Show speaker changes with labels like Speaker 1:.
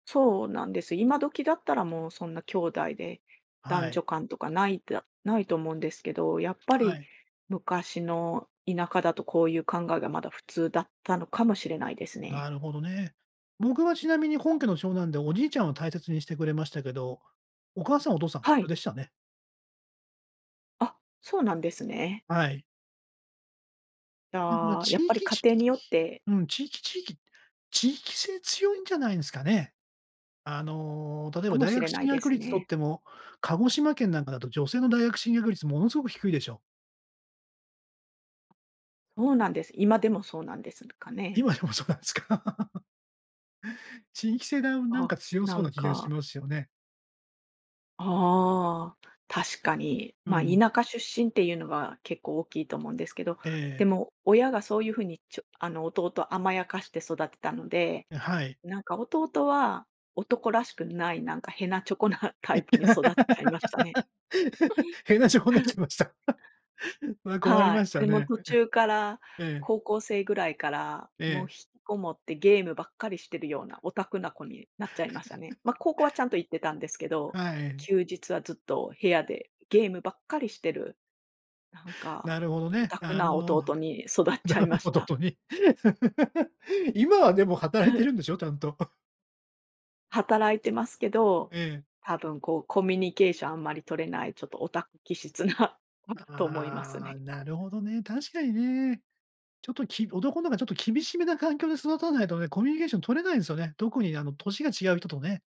Speaker 1: そうなんです、今時だったらもうそんな姉弟で男
Speaker 2: はい。
Speaker 1: 女間とかないだないと思うんですけど、やっぱ
Speaker 2: は
Speaker 1: り
Speaker 2: い。
Speaker 1: 昔の田舎だとこういう考えがまだ、普通だったのかもしれないです
Speaker 2: な
Speaker 1: ね。
Speaker 2: るほどね。僕はちなみに本家の長男で、おじいちゃんを大切にしてくれましたけど、お母さん、お父さん普
Speaker 1: は
Speaker 2: 通
Speaker 1: い。
Speaker 2: でしたね。
Speaker 1: あ、そうなんですね。
Speaker 2: はい。
Speaker 1: じ
Speaker 2: だから
Speaker 1: ゃあ、や
Speaker 2: 地
Speaker 1: っぱり
Speaker 2: 域
Speaker 1: 家
Speaker 2: 地域
Speaker 1: 庭によって。
Speaker 2: うん、地域地域地域性強いんじゃないんすかね。あの、例え
Speaker 1: か
Speaker 2: ば
Speaker 1: も
Speaker 2: 大
Speaker 1: し
Speaker 2: 学
Speaker 1: れな
Speaker 2: 進
Speaker 1: いで
Speaker 2: 学
Speaker 1: す
Speaker 2: 率とっ
Speaker 1: ね。
Speaker 2: ても、鹿児島県なんかだと女性の大学進学率ものすごく低いでしょう。
Speaker 1: そうなんです。今でもそうなんですかね。
Speaker 2: 今でもそうなんすか？地域性だなん
Speaker 1: あ、
Speaker 2: か強
Speaker 1: な
Speaker 2: そう
Speaker 1: ん
Speaker 2: な気がし
Speaker 1: か。
Speaker 2: ますよね。
Speaker 1: ああ、確かに。
Speaker 2: う
Speaker 1: ま、
Speaker 2: ん。
Speaker 1: 田舎出身っていうのは結構大きいと思うんですけど、
Speaker 2: ええ。
Speaker 1: でも、親がそういうふうにちょあの弟を甘やかして育てたので、
Speaker 2: え、はい。
Speaker 1: なんか弟は男らしくないなんかへなちょこなタイプに育っちゃいましたね。
Speaker 2: へなちょこになっちゃ いました。それは困り
Speaker 1: は
Speaker 2: ま
Speaker 1: い。
Speaker 2: した
Speaker 1: でも
Speaker 2: ね。
Speaker 1: 途中から
Speaker 2: ええ。
Speaker 1: 高校生ぐらいから、
Speaker 2: え
Speaker 1: もう
Speaker 2: え。
Speaker 1: 引きこもってゲームばっかりしてるようなオタクな子になっちゃいましたね。ま、高校はち ゃんと行ってたんですけど、
Speaker 2: はい。
Speaker 1: 休日はずっと部屋でゲームばっかりしてる、なん
Speaker 2: な
Speaker 1: か、
Speaker 2: るほど
Speaker 1: オ
Speaker 2: ね。
Speaker 1: タク
Speaker 2: あ
Speaker 1: な
Speaker 2: の。
Speaker 1: 弟に育っちゃいま
Speaker 2: [unintelligible]
Speaker 1: し
Speaker 2: ほど
Speaker 1: た。
Speaker 2: とに。今はでも働い
Speaker 1: は
Speaker 2: て
Speaker 1: い。
Speaker 2: るんでしょ、ちゃんと。
Speaker 1: 働いてますけど、
Speaker 2: ええ。
Speaker 1: 多分こう、コミュニケーションあんまり取れないちょっとオタク気質な子だと思います
Speaker 2: ああ、
Speaker 1: ね。
Speaker 2: なるほどね、確かにね。ちょっとき男のがちょっと厳しめな環境で育たないとね、コミュニケーション取れないんすよね。特にあの年が違う人とね。